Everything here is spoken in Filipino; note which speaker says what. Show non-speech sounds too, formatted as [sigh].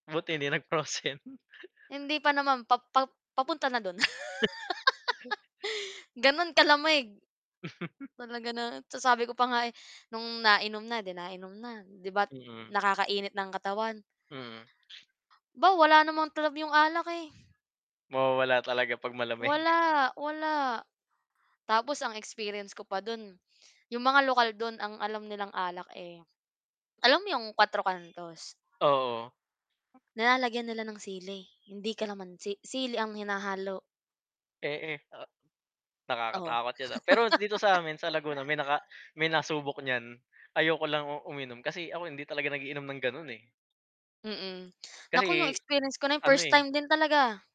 Speaker 1: Buti hindi nag-frozen. [chuckles]
Speaker 2: Hindi pa naman pa pa papunta na do'n.
Speaker 1: [chuckles]
Speaker 2: [laughs] Gano'n kalamig.
Speaker 1: [chuckles]
Speaker 2: Talaga na sasabi ko pa nga, eh, no'ng nainom na, 'di nainom na. 'Di ba't
Speaker 1: Mm.
Speaker 2: nakakainit ng katawan.
Speaker 1: Hmm.
Speaker 2: 'Ba, wala namang talab 'yong alak, eh.
Speaker 1: Mawawala talaga 'pag malamig. [chuckles]
Speaker 2: Wala, wala. Tapos ang experience ko pa do'n, 'yong mga lokal do'n ang alam nilang alak, eh, alam mo 'yong, kuwatro kantos?
Speaker 1: Oo.
Speaker 2: Nilalagyan nila ng sili, hindi kalamansi. Sili ang hinahalo.
Speaker 1: Eh eh, a
Speaker 2: Oh. [laughs]
Speaker 1: nakakatakot 'yan, ah. Pero dito sa amin sa Laguna, may naka may nasubok niyan. Ayoko lang u uminom, kasi ako hindi talaga nag-iinom ng gano'n, eh.
Speaker 2: Mm. Naku 'yong
Speaker 1: Kasi,
Speaker 2: experience ko na 'yon,
Speaker 1: ano,
Speaker 2: first
Speaker 1: eh
Speaker 2: time din talaga.